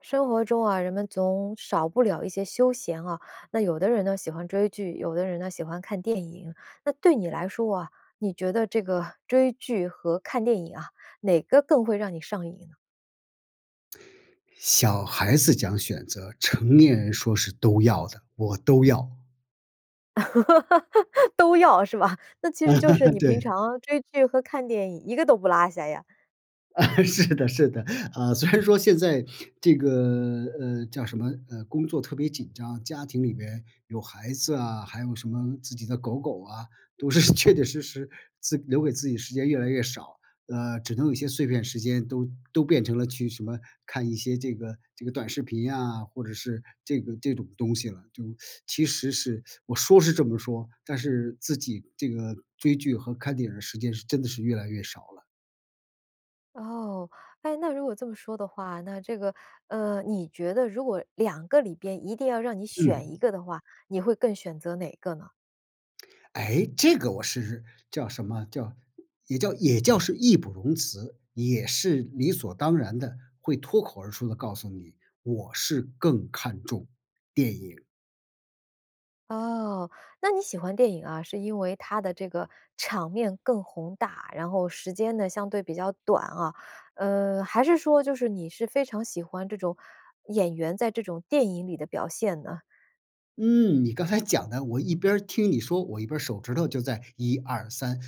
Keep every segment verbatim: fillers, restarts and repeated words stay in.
生活中啊，人们总少不了一些休闲啊，那有的人呢喜欢追剧，有的人呢喜欢看电影。那对你来说啊，你觉得这个追剧和看电影啊，哪个更会让你上瘾呢？小孩子讲选择，成年人说是都要的，我都要。都要，是吧？那其实就是 你平对。常追剧和看电影，一个都不落下呀？啊，是的是的，啊，虽然说现在这个，呃，叫什么，呃，工作特别紧张，家庭里边有孩子啊，还有什么自己的狗狗啊，都是确确实实自留给自己的时间越来越少，呃，只能有一些碎片时间都都变成了去什么看一些这个这个短视频啊，或者是这个这种东西了，就 其实是我说是这么说，但是自己这个追剧和看电影儿的时间是真的是越来越少了。哦，哎，那如果这么说的话，那这个，呃，你觉得如果两个里边一定要让你选嗯。一个的话，你会更选择哪个呢？诶，这个我是叫什么叫，也叫也叫是义不容辞，也是理所当然地会脱口而出地告诉你，我是更看重电影。哦，那你喜欢电影啊，是因为它的这个场面更宏大，然后时间呢相对比较短啊？呃，还是说就是你是非常喜欢这种演员在这种电影里的表现呢？嗯，你刚才讲的，我一边儿听你说，我一边儿手指头就在一二三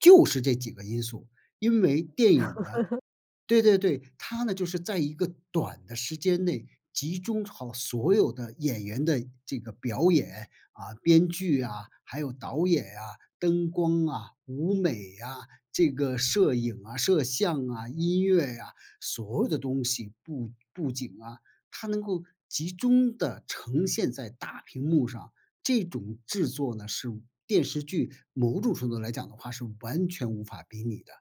就就是这几个因素，因为电影呢 对对对，它呢，就是在一个短的时间内集中好所有的演员的这个表演，啊，编剧啊，还有导演啊、灯光啊、舞美啊、这个摄影啊、摄像啊、音乐啊，所有的东西，布布景啊，它能够集中地呈现在大屏幕上，这种制作呢，是电视剧，某种程度来讲的话是完全无法比拟的。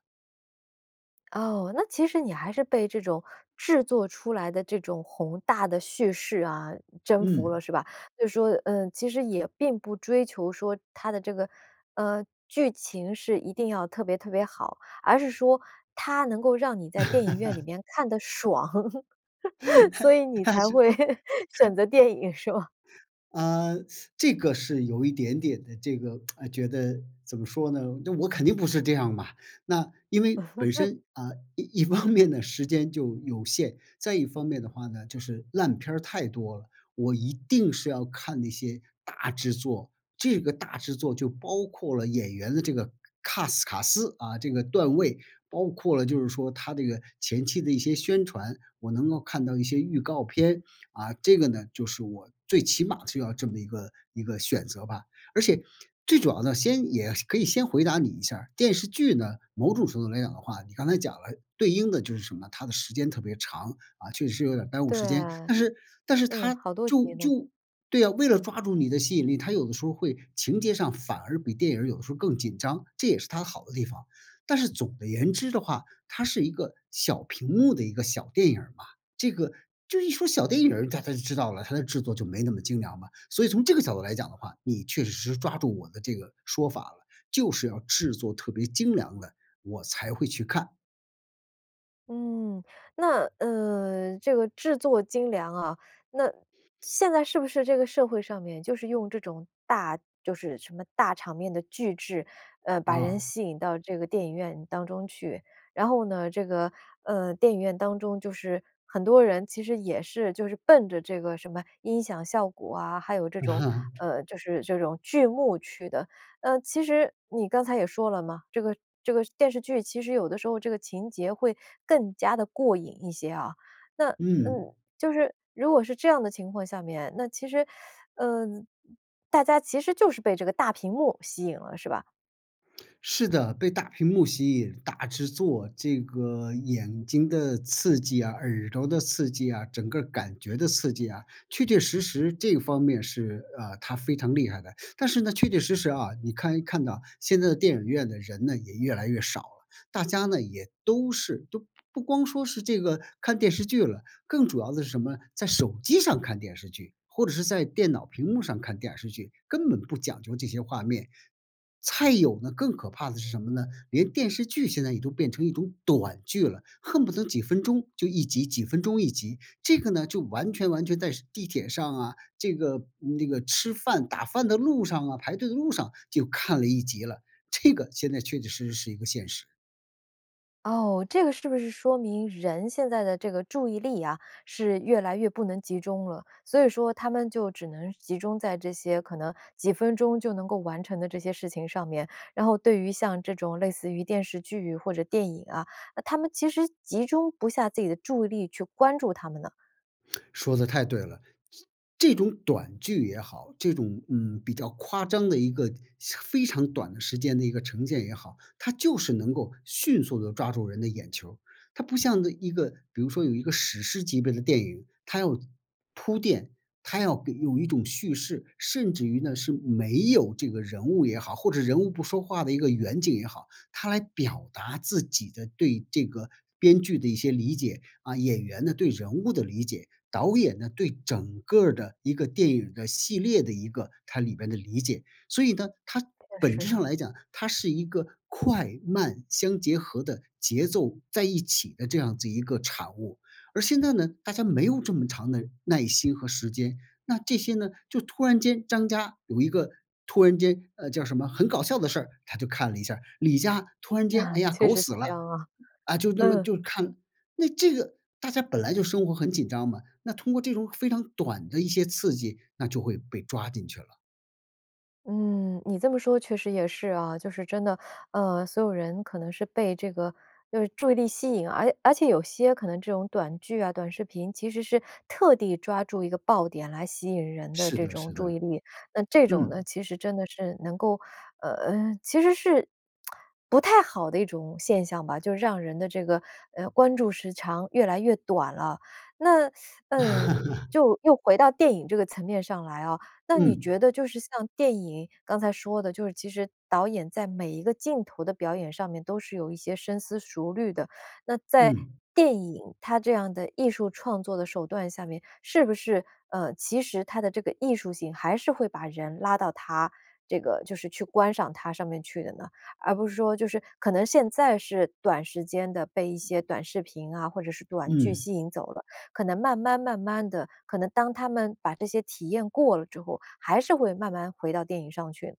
哦，那其实你还是被这种制作出来的这种宏大的叙事啊，征服嗯。了是吧？就是说，嗯，其实也并不追求说它的这个呃，剧情是一定要特别特别好，而是说它能够让你在电影院里 面看得爽，所以 你它才是会它选择电影是吗？啊，这个是有一点点的这个，哎，觉得怎么说呢，那我肯定不是这样嘛。那因为本 身，啊，一一方面呢，时间就有限，再一方面的话呢，就是烂片儿太多了，我一定是要看那些大制作。这个大制作就包括了演员的这个 CAST 卡斯啊，这个段位，包括了就是说它这个前期的一些宣传，我能够看到一些预告片，啊，这个呢，就是我最起码是要这么一个一个选择吧。而且最主要的先也可以先回答你一下儿，电视剧呢，某种程度来讲的话，你刚才讲了对应的就是什么，它的时间特别长。啊，确确实实是有点儿耽误对。时间，但是但是嗯，它好多就集呢。就对啊，为了抓住你的吸引力，它有的时候会情节上反而比电影儿有时候更紧张，这也是它好的地方。但是总的言之的话，它是一个小屏幕的一个小电影儿嘛，这个，就一说小电影儿，大家就知道了，它的制作就没那么精良嘛。所以从这个角度来讲的话，你确确实实抓住我的这个说法了，就是要制作特别精良的，我才会去看。嗯。那，呃，这个制作精良啊，那现在是不是这个社会上面，就是用这种大就是什么大场面的巨制，呃，把人嗯。吸引到这个电影院当中去。然后呢，这个，呃，电影院当中，就是很多人其实也是就是奔着这个什么音响效果啊，还有这种 呃，就是这种巨幕去的。呃，其实你刚才也说了嘛，这个这个电视剧其实有的时候这个情节会更加地过瘾一些啊，那嗯。嗯，就是如果是这样的情况下面，那其实 呃，大家其实就是被这个大屏幕吸引了，是吧？是的，被大屏幕吸引，大制作，这个眼睛的刺激啊，耳朵的刺激啊，整个感觉的刺激啊，确确实实这方面是啊，它非常厉害的。但是呢，确确实实啊，你看一看到现在的电影院的人呢也越来越少了，大家呢也都是都不光说是这个看电视剧了，更主要的是什么？在手机上看电视剧或者是在电脑屏幕上看电视剧，根本不讲究这些画面。菜有呢，更可怕的是什么呢？连电视剧现在也都变成一种短剧了，恨不得几分钟就一集，几分钟一集，这个呢，就完全完全在地铁上啊，这个那个吃饭、打饭的路上啊，排队的路上就看了一集了，这个现在确确实实是一个现实。哦，这个是不是说明人现在的这个注意力啊，是越来越不能集中了，所以说他们就只能集中在这些可能几分钟就能够完成的这些事情上面，然后对于像这种类似于电视剧或者电影啊，那他们其实集中不下自己的注意力去关注它们呢？说得太对了，这这种短剧也好，这种，嗯，比较夸张的一个非常短的时间的一个呈现也好，它就是能够迅速地抓住人的眼球儿。它不像那一个比如说有一个史诗级别的电影，它要铺垫，它要给有一种叙事，甚至于呢，是没有这个人物也好，或者人物不说话的一个远景也好，它来表达自己的对这个编剧的一些理解。啊，演员呢，对人物的理解，导演呢，对整个儿的一个电影的系列的一个它里边的理解。所以呢，它确本实质上啊。来讲，它是一个快慢相结合的节奏在一起的这样子一个产物。而现在呢，大家没有这么长的耐心和时间，那这些呢，就突然间张家有一个突然间，呃，叫什么很搞笑的事儿，他就看了一下儿。李家突然间，啊，哎呀，确狗实是死这了。样啊，啊，就那么嗯。就看，那这个大家本来就生活很紧张嘛，那通过这种非常短的一些刺激，那就会被抓进去了。嗯，你这么说确实也是啊。就是真的，呃，所有人可能是被这个就是注意力吸引，而而且有些可能这种短剧啊、短视频，其实是特地抓住一个爆点来吸引人的是这的，种是的。注意力。那这种呢，嗯。其实真的是能够，呃其实是 不太好的一种现象吧。就让人的这个，呃，关注时长越来越短了。那 嗯，就又回到电影这个层面上来啊，那你嗯。觉得就是像电影，刚才说的，就是其实导演在每一个镜头的表演上面都是有一些深思熟虑的。那在嗯。电影它这样的艺术创作的手段下面，是不是，呃，其实它的这个艺术性还是会把人拉到它这个就是去观赏它上面去的呢？而不是说就是可能现在是短时间的被一些短视频啊，或者是短剧嗯。吸引走了，可能慢慢慢慢地，可能当他们把这些体验过了之后，还是会慢慢回到电影上去？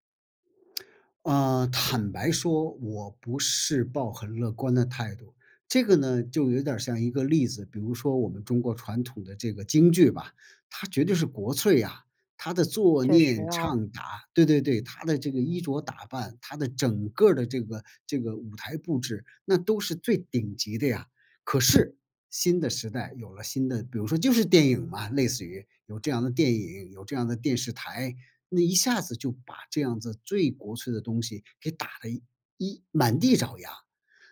啊，坦白说我不是抱很乐观的态度。这个呢，就有点儿像一个例子，比如说我们中国传统的这个京剧吧，它绝对是国粹啊，它的坐、确实念、啊。唱、打对对对，它的这个衣着打扮，它的整个儿的这个这个舞台布置，那都是最顶级的呀。可是新的时代有了新的比如说就是电影嘛类似于，有这样的电影，有这样的电视台，那一下子就把这样子最国粹的东西给打了一满地找牙。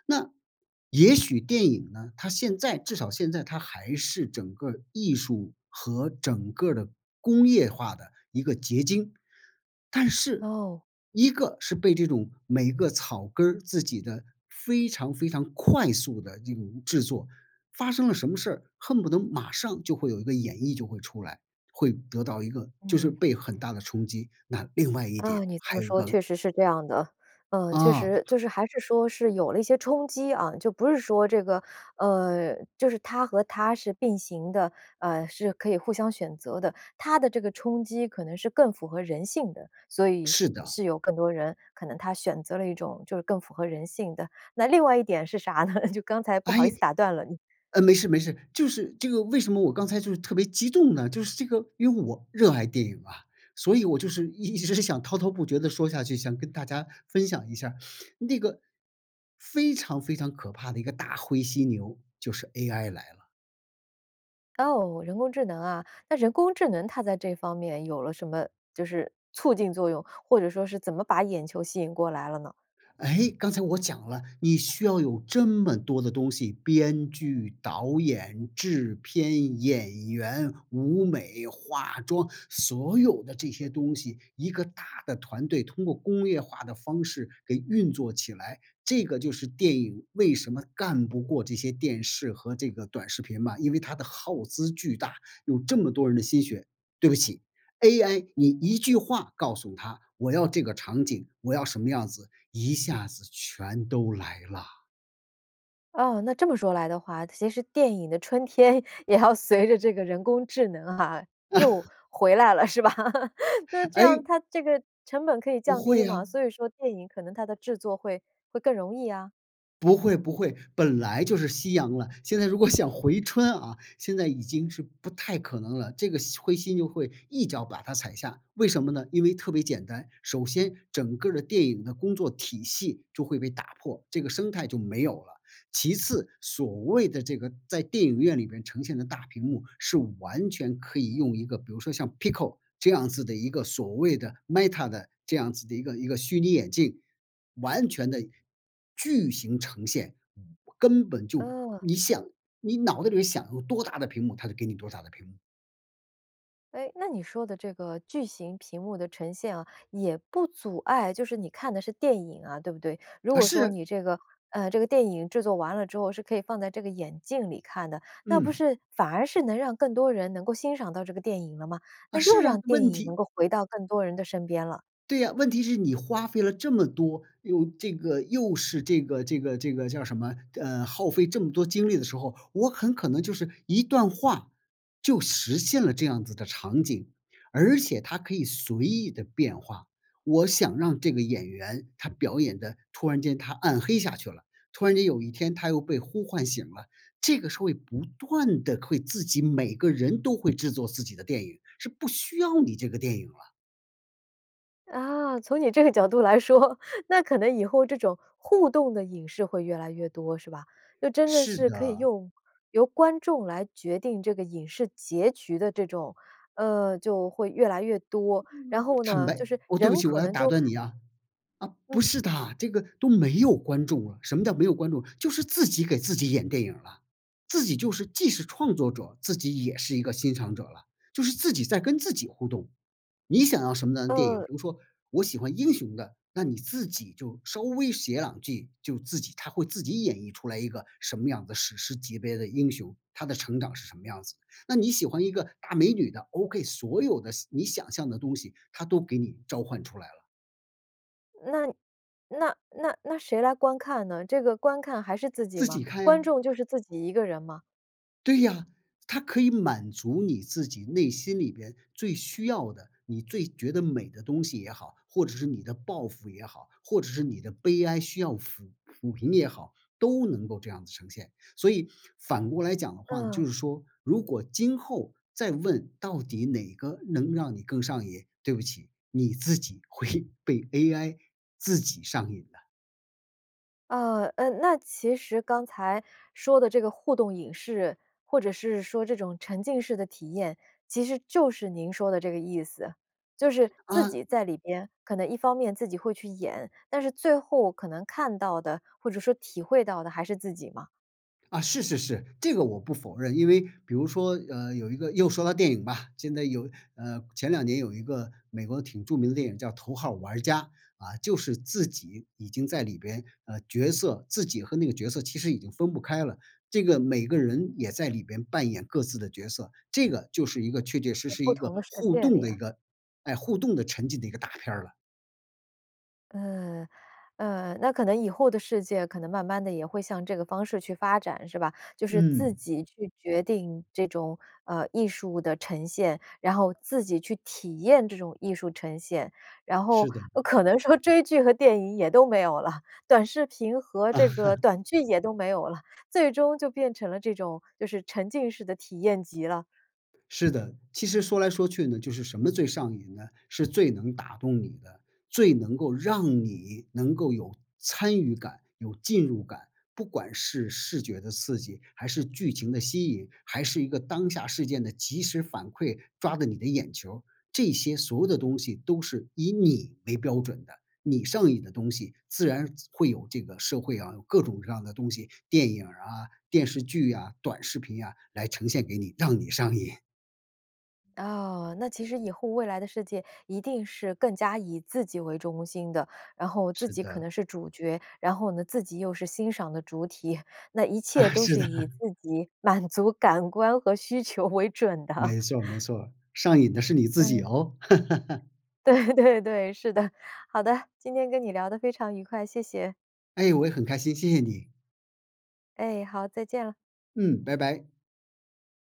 那也许电影呢，它现在至少现在它还是整个儿艺术和整个儿的工业化的一个结晶。但是，哦。一个是被这种每个草根儿自己的非常非常快速的一种制作，发生了什么事儿，恨不得马上就会有一个演绎就会出来，会得到一个就是嗯。被很大的冲击，那另外一啊，点你这还么有一说确个实是这样的。呃，确嗯。实，就是还是说是有了一些冲击啊，就不是说这个，呃，就是它和它是并行的，呃，是可以互相选择的。它的这个冲击可能是更符合人性的，所以是是的。是有更多人，可能它选择了一种就是更符合人性的。那另外一点是啥呢？就刚才不好意诶思打断了，嗯。呃，没事，没事。就是这个为什么我刚才就是特别激动呢，就是这个因为我热爱电影啊，所以我就是一直想滔滔不绝地说下去，想跟大家分享一下儿，那个非常非常可怕的一个大灰犀牛，就是 AI 来了。哦，人工智能啊，那人工智能它在这方面有了什么就是促进作用，或者说是怎么把眼球吸引过来了呢？哎，刚才我讲了，你需要有这么多的东西-编剧、导演、制片、演员、舞美、化妆，所有的这些东西，一个大的团队通过工业化的方式给运作起来，这个就是电影为什么干不过这些电视和这个短视频嘛，因为它的耗资巨大，有这么多人的心血，对不起，AI，你一句话告诉它，我要这个场景，我要什么样子，一下子全都来了。啊，那这么说来的话，其实电影的春天也要随着这个人工智能啊，又 回来了，是吧？那这哎样它这个成本可以不降低会嘛，啊。所以说电影可能它的制作会会更容易啊。不会，不会，本来就是夕阳了，现在如果想回春啊，现在已经是不太可能了，这个犀灰犀牛就会一脚把它踩下，为什么呢？因为特别简单，首先，整个儿的电影的工作体系就会被打破，这个生态就没有了。其次所谓的这个在电影院里面呈现的大屏幕，是完全可以用一个比如说像 PICO 这样子的一个所谓的 Meta 的这样子的一个一个虚拟眼镜，完全地巨型呈现，根本就嗯。你想你脑子里面想有多大的屏幕，它就给你多大的屏幕。哎，那你说的这个巨型屏幕的呈现啊，也不阻碍就是你看的是电影啊，对不对？如啊，果说是。你这个呃，这个电影制作完了之后是可以放在这个眼镜里看的，那不嗯。是反而是能让更多人能够欣赏到这个电影了吗？啊，那又是啊，让电问影能题够回到更多人的身边了。对呀，问题是你花费了这么多，又这个又是这个这个这个叫什么，呃，耗费这么多精力的时候，我很可能就是一段话就实现了这样子的场景，而且它可以随意地变化。我想让这个演员他表演的突然间他暗黑下去了，突然间有一天他又被呼唤醒了，这个是会不断地会自己每个人都会制作自己的电影，是不需要你这个电影了。啊，从你这个角度来说，那可能以后这种互动的影视会越来越多，是吧？就真着是是可以的。用由观众来决定这个影视结局的这种，呃，就会越来越多，然后坦呢，白就是我对不人起，我可要能打就断你啊。啊，不嗯。是的，这个都没有观众了，什么叫没有观众？就是自己给自己演电影了，自己就是既是创作者，自己也是一个欣赏者了，就是自己在跟自己互动。你想要什么样的电影？比呃如说，我喜欢英雄的，那你自己就稍微写两句，就自己它会自己演绎出来一个什么样的史诗级别的英雄，他的成长是什么样子。那你喜欢一个大美女的，OK，所有的想你想象的东西，它都给你召唤出来了。那那那那谁来观看呢？这个观看还是自己自吗？己看呀。观众就是自己一个人吗？对呀，它可以满足你自己内心里边最需要的，你最觉得美的东西也好，或者是你的抱负也好，或者是你的悲哀需要抚抚平也好，都能够这样子呈现。所以反过来讲的话呢，就嗯。是说，如果今后再问到底哪个能让你更上瘾，对不起，你自己会被 AI 自己上瘾的。啊，呃，那其实刚才说的这个互动影视，或者是说这种沉浸式的体验，其实就是您说的这个意思。就是自啊。己在里边，可能一方面自己会去演，但是最后可能看到的，或者说体会到的还是自己吗？啊，是是是，这个我不否认，因为比如说，呃，有一个又说到电影吧，现在有呃，前两年有一个美国挺著名的电影叫《头号玩家》。啊，就是自己已经在里边呃，角色自己和那个角色其实已经分不开了，这个每个人也在里边扮演各自的角色，这个就是一个确确实在实不一个同的世互界动里的一啊。个，诶，互动的沉浸的一个大片儿了。呃，呃，那可能以后的世界可能慢慢地也会向这个方式去发展，是吧？就是自嗯。己去决定这种，呃，艺术的呈现，然后自己去体验这种艺术呈现。然后是的。可能说追剧和电影也都没有了，短视频和这个 短剧也都没有了，最终就变成了这种就是沉浸式的体验集了。是的，其实说来说去呢，就是什么最上瘾呢？是最能打动你的，最能够让你能够有参与感、有进入感，不管是视觉的刺激，还是剧情的吸引，还是一个当下事件的即时反馈，抓着你的眼球儿，这些所有的东西都是以你为标准的。你上瘾的东西自然会有这个社会啊，有各种各样的东西，电影儿啊、电视剧啊、短视频啊，来呈现给你，让你上瘾。哦，那其实以后未来的世界一定是更加以自己为中心的，然后自是己可的。能是主角，然后呢，自己又是欣赏的主体。那一切啊，都是是的。以 自己满足感官和需求为准的。没错儿，没 错儿，上瘾的是你自己嗯。哦。对，对，对。是的，好的，今天跟你聊得非常愉快，谢谢。哎，我也很开心，谢谢你。哎，好，再见了。嗯，拜拜。